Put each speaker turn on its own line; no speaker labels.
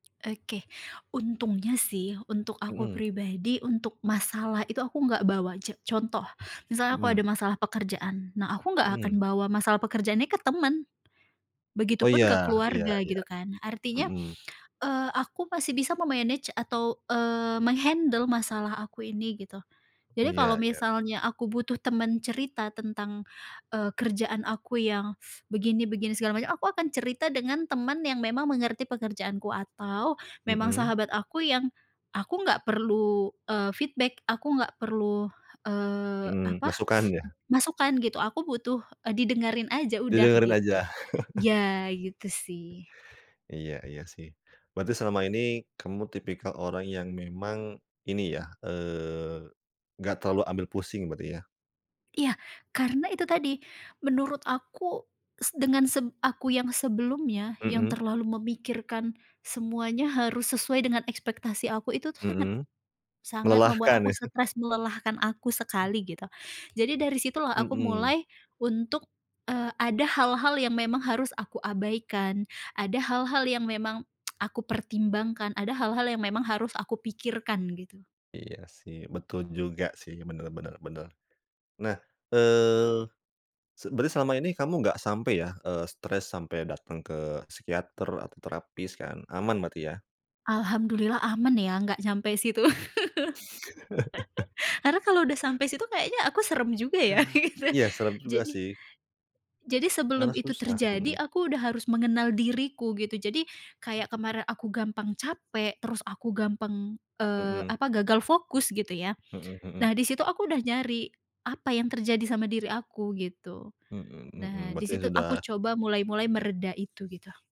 Oke. Untungnya sih, untuk aku
Mmm.
pribadi, untuk masalah itu, aku enggak bawa ce contoh, misalnya kalau
Mmm.
ada masalah pekerjaan, nah aku enggak akan
Mmm.
bawa masalah pekerjaannya ke temen.
Oh
Begitupun
iya
ke
iya
keluarga
iya,
gitu kan. Artinya,
mhm.
eee, aku masih bisa me-manage atau eee, meng-handle masalah aku ini, gitu.
Oh
Jadi kalau
iya iya.
misalnya aku butuh temen cerita tentang, eee, kerjaan aku yang begini begini segala macam. Aku akan cerita dengan temen yang memang mengerti pekerjaanku atau memang
Mhm.
sahabat aku yang aku nggak perlu, eee, feedback, aku nggak perlu eee,
Mmm,
apa,
masukan ya?
masukan gitu, aku butuh, eee, didengerin saja udah,
Didengerin
gitu.
aja.
Iya, gitu sih.
Iya iya sih. Berarti selama ini kamu tipikal orang yang memang ini ya, eee, enggak terlalu ambil pusing berarti ya?
Iya, karena itu tadi. Menurut aku, se dengan se aku yang sebelumnya, yang
Mhm.
terlalu memikirkan semuanya harus sesuai dengan ekspektasi aku, itu tuh sangat
Mhm,
sangat membuat
melelahkan
aku
iya?
stres, melelahkan aku
Mmm.
sekali, gitu. Jadi dari situlah, aku
Mhm.
mulai untuk, eee, ada hal-hal yang memang harus aku abaikan, ada hal-hal yang memang aku pertimbangkan, ada hal-hal yang memang harus aku pikirkan, gitu.
Iya sih, betul juga sih. Bener bener bener. Nah, eee, se berarti selama ini kamu enggak sampai ya, eee, stres sampai datang ke psikiater atau terapis kan? Aman berarti ya?
Alhamdulillah aman ya, enggak sampai situ. Karena kalau sudah sampai situ, kayaknya aku serem juga ya, gitu.
Iya seram juga
Jadi
sih.
Jadi
Karena
sebelum itu
susah,
terjadi,
mhm.
aku sudah harus mengenal diriku, gitu. Jadi, kayak kemarin aku gampang capek, terus aku gampang. eee,
Mhm.
apa, gagal fokus gitu ya.
Mhm mhm.
Nah di situ aku sudah nyari, apa yang terjadi sama diri aku, gitu.
Mhm mhm.
Nah di
Berarti
situ aku
sudah
coba mulai-mulai mereda itu, gitu